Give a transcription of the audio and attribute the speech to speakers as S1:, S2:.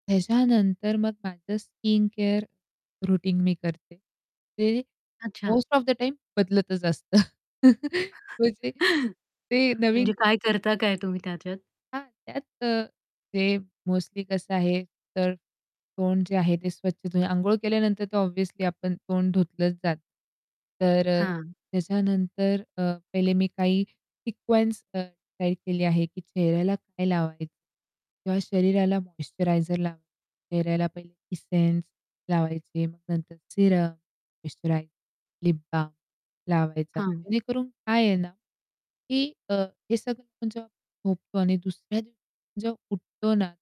S1: त्याच्यानंतर मग माझं स्किन केअर रुटीन मी करते. ते
S2: अच्छा.
S1: मोस्ट ऑफ द टाईम बदलतच असतं. म्हणजे ते नवीन
S2: म्हणजे काय करता काय तुम्ही त्याच्यात?
S1: हां, त्यात अ, ते मोस्टली कसं आहे, तर तोंड जे आहे, ते स्वच्छ तुम्ही अंघोळ केल्यानंतर तर ऑब्व्हियसली आपण तोंड धुतलंच जातं. तर अ,
S2: हां.
S1: त्याच्यानंतर अ, पहिले मी काही सिक्वेन्स [unintelligible] काय केली आहे, की चेहऱ्याला काय लावाय किंवा शरीराला मॉइश्चरायझर लावा चेहऱ्याला पहिले इसेन्स लावायची मग नंतर सिरम, मॉइश्चरायझर, लिप बाल्म लावायचा.
S2: हां
S1: जेणेकरून काय आहे ना, की अ, हे सगळं जेव्हा झोपतो आणि दुसऱ्या दिवशी जेव्हा उठतो ना